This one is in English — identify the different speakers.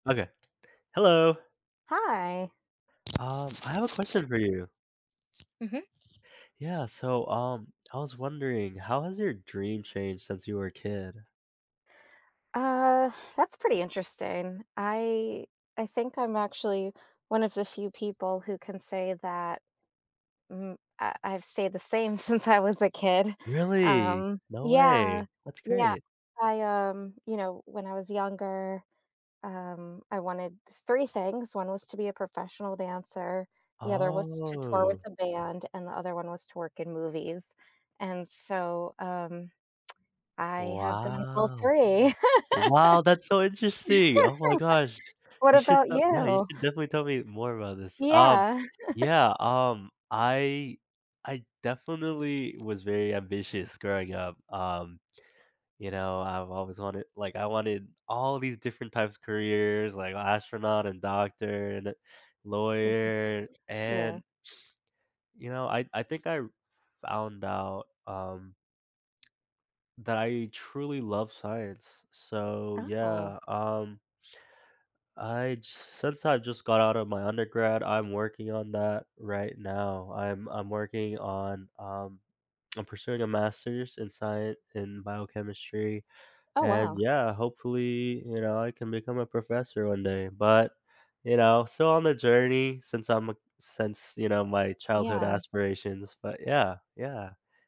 Speaker 1: Okay. Hello.
Speaker 2: Hi.
Speaker 1: Um, I have a question for you.
Speaker 2: Mhm.
Speaker 1: Yeah, so, um, I was wondering, how has your dream changed since you were a kid?
Speaker 2: Uh, that's pretty interesting. I I think I'm actually 1 of the few people who can say that mhm, I I've stayed the same since I was a kid,
Speaker 1: Really?
Speaker 2: um
Speaker 1: No
Speaker 2: Yeah.
Speaker 1: way. That's
Speaker 2: Yeah.
Speaker 1: great.
Speaker 2: I, um you know, when I was younger, um, I wanted 3 things, 1 was to be a professional dancer, the other was to tour with
Speaker 1: Oh.
Speaker 2: a band, and the other 1 was to work in movies. And so, um, I have done all
Speaker 1: Wow.
Speaker 2: 3.
Speaker 1: Wow, that's so interesting. Oh my gosh,
Speaker 2: What
Speaker 1: you should,
Speaker 2: about
Speaker 1: uh Yeah, you
Speaker 2: you?
Speaker 1: should definitely tell me more about this. Um,
Speaker 2: Yeah.
Speaker 1: yeah, um, I I definitely was very ambitious growing up, um, you know, I've always wanted like, I wanted all these different types of careers, like astronaut and doctor and a
Speaker 2: Mhm.
Speaker 1: lawyer,
Speaker 2: Yeah.
Speaker 1: and you know, I I think I r found out, um, that I truly love science, so,
Speaker 2: Oh.
Speaker 1: yeah, um I'd since I've just got out of my undergrad, I'm working on that right now. I'm I'm working on, um I'm pursuing a master's in scien in biochemistry,
Speaker 2: Oh,
Speaker 1: and,
Speaker 2: wow.
Speaker 1: yeah, hopefully, you know, I can become a professor one day, but, you know, still on the journey since I'm a since, you know, my childhood
Speaker 2: Yeah.
Speaker 1: aspirations, but, yeah, yeah.